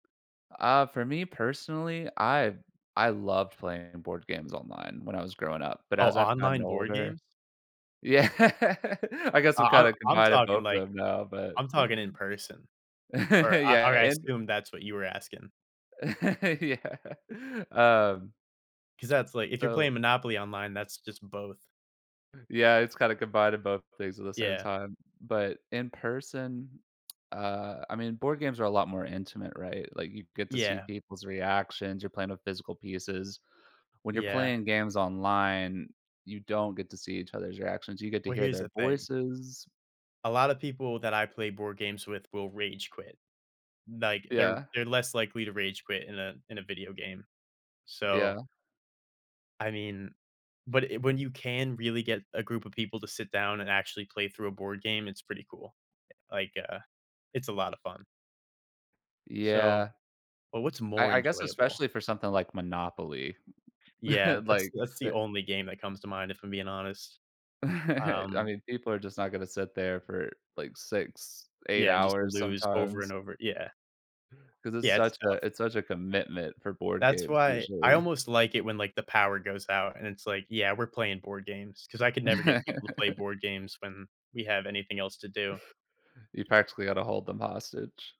Uh, for me personally, I I loved playing board games online when I was growing up, but Oh, as I've gotten online board older games? Yeah, I guess I'm Uh, I'm kinda I'm combining talking both of like them now, but I'm talking in person. Or I or Yeah, I and assume that's what you were asking. Yeah, um 'Cause that's like, if you're So playing Monopoly online, that's just both. Yeah, it's kinda combining both things at the same Yeah. time, but in person, uh, I mean, board games are a lot more intimate, right, like you get to see Yeah. people's reactions, you're playing with physical pieces. When you're Yeah. playing games online, you don't get to see each other's reactions, you get to Well, hear here's their the thing voices a lotta people that I play board games with will rage quit, like, they're Yeah. they're less likely to rage quit in a in a video game, so Yeah. I mean, but i when you can really get a group of people to sit down and actually play through a board game, it's pretty cool, eh, like, uh, it's a lotta fun. So, Yeah. but what's more I I guess enjoyable? especially for something like Monopoly, Yeah, that's like that's the the only game that comes to mind, if I'm being honest. I Um mean, people are just not gonna sit there for like 6, 8 Yeah, and just to hours lose over and sometimes. over, yeah. 'Cause it's Yeah, it's such a tough. it's such a commitment for board That's games, why I usually. almost like it when like, the power goes out, and it's like, yeah, we're playing board games, 'cause I could never get people to play board games when we have anything else to do. You practically had to hold them hostage.